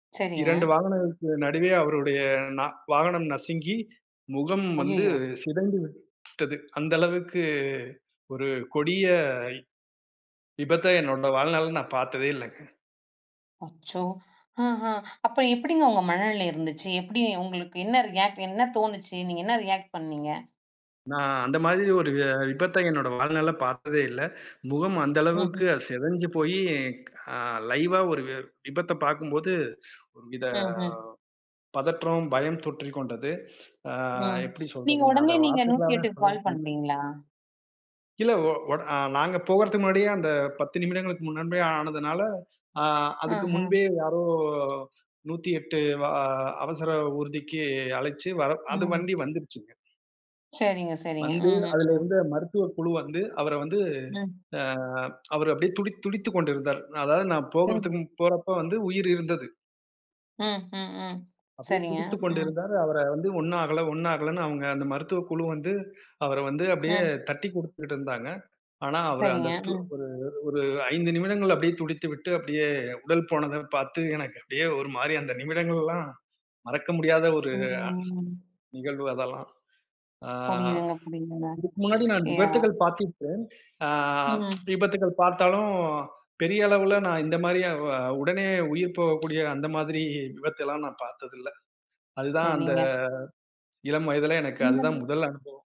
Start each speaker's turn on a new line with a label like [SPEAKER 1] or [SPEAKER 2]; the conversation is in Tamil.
[SPEAKER 1] சரிங்க.
[SPEAKER 2] 2 வாகனங்களுக்கு நடுவே அவருடைய ந வாகனம் நசுங்கி, முகம் வந்து
[SPEAKER 1] ஐயயோ!
[SPEAKER 2] சிதைந்துவிட்டது. அந்த அளவுக்கு ஒரு கொடிய விபத்த என்னோட வாழ்நாள்ல நா பாத்ததே இல்லங்க.
[SPEAKER 1] அச்சோ! ஆஹா அப்ப எப்டிங்க உங்க மனநிலை இருந்துச்சி? எப்டி உங்களுக்கு, என்ன ரியாக்ட்? என்ன தோணுச்சி? நீங்க என்ன ரியாக்ட் பண்ணீங்க?
[SPEAKER 2] நா அந்த மாதிரி ஒரு அ விபத்த என்னோட வாழ்நாள பாத்ததே இல்ல. முகம் அந்தளவுக்கு
[SPEAKER 1] ம்ஹும்.
[SPEAKER 2] செதஞ்சுபோயி அ லைவா ஒரு வி விபத்த பாக்கும்போது, ஒரு வித
[SPEAKER 1] ம்ஹும்.
[SPEAKER 2] பதற்றம், பயம் தொற்றிக் கொண்டது. ஆ,
[SPEAKER 1] ம்.
[SPEAKER 2] எப்டி
[SPEAKER 1] நீங்க
[SPEAKER 2] சொல்றதுங்க? அத
[SPEAKER 1] உடனே நீங்க நூத்தி
[SPEAKER 2] வார்த்தைகளால
[SPEAKER 1] எட்டுக்கு
[SPEAKER 2] சொல்ல
[SPEAKER 1] கால்
[SPEAKER 2] முடியல.
[SPEAKER 1] பண்ணீங்களா?
[SPEAKER 2] இல்ல. ஒ ஒட், நாங்க போகறதுக்கு முன்னாடியே அந்த 10 நிமிடங்களுக்கு முன்பே ஆனதுனால, ஆ, அதுக்கு முன்பே
[SPEAKER 1] ஆஹ.
[SPEAKER 2] யாரோ 108 வா அவசர ஊர்திக்கு அழைச்சி வர அது
[SPEAKER 1] ம்.
[SPEAKER 2] வண்டி வந்துருச்சுங்க.
[SPEAKER 1] சரிங்க சரிங்க.
[SPEAKER 2] வந்து, அதுல
[SPEAKER 1] அஹாஹம்.
[SPEAKER 2] இருந்த மருத்துவ குழு வந்து, அவர வந்து
[SPEAKER 1] ம்.
[SPEAKER 2] ஆ, அவர் அப்டியே துடித் துடித்துக் கொண்டிருந்தார். அதாவது நான் போகறதுக்கு
[SPEAKER 1] ம்.
[SPEAKER 2] போறப்ப வந்து உயிர் இருந்தது.
[SPEAKER 1] ம். ம். ம்.
[SPEAKER 2] அப்டியே
[SPEAKER 1] சரிங்க.
[SPEAKER 2] துடித்துக்
[SPEAKER 1] ம்.
[SPEAKER 2] கொண்டிருந்தார். அவர வந்து ஒண்ணாகல ஒண்ணாகலன்னு அவங்க அந்த மருத்துவக் குழு வந்து, அவர வந்து அப்டியே
[SPEAKER 1] ம்.
[SPEAKER 2] தட்டி குடுத்துட்டு இருந்தாங்க. ஆனா, அவரு
[SPEAKER 1] சரிங்க,
[SPEAKER 2] அந்த து
[SPEAKER 1] ம்.
[SPEAKER 2] அவரு ஒரு 5 நிமிடங்கள் அப்டியே துடித்துவிட்டு அப்டியே உடல் போனதப் பாத்து எனக்கு அப்டியே ஒரு மாரி அந்த நிமிடங்களெல்லாம், மறக்க முடியாத ஒரு அ,
[SPEAKER 1] ம்.
[SPEAKER 2] நிகழ்வு அதெல்லாம். ஆ,
[SPEAKER 1] புரியுதுங்க புரியுதுங்க.
[SPEAKER 2] இதுக்கு முன்னாடி நான்
[SPEAKER 1] ஏ, அ.
[SPEAKER 2] விபத்துகள் பாத்திருக்கேன். ஆ,
[SPEAKER 1] ம்.
[SPEAKER 2] விபத்துகள் பாத்தாலும் பெரிய அளவுல நான் இந்த மாரி அ உடனே உயிர் போகக்கூடிய, அந்த மாதிரி விபத்த எல்லா நான் பாத்ததில்ல. அதுதான் அந்த
[SPEAKER 1] சரிங்க.
[SPEAKER 2] இளம் வயதிலே எனக்கு அதுதான் முதல்
[SPEAKER 1] [unintelligible]
[SPEAKER 2] அனுபவம்.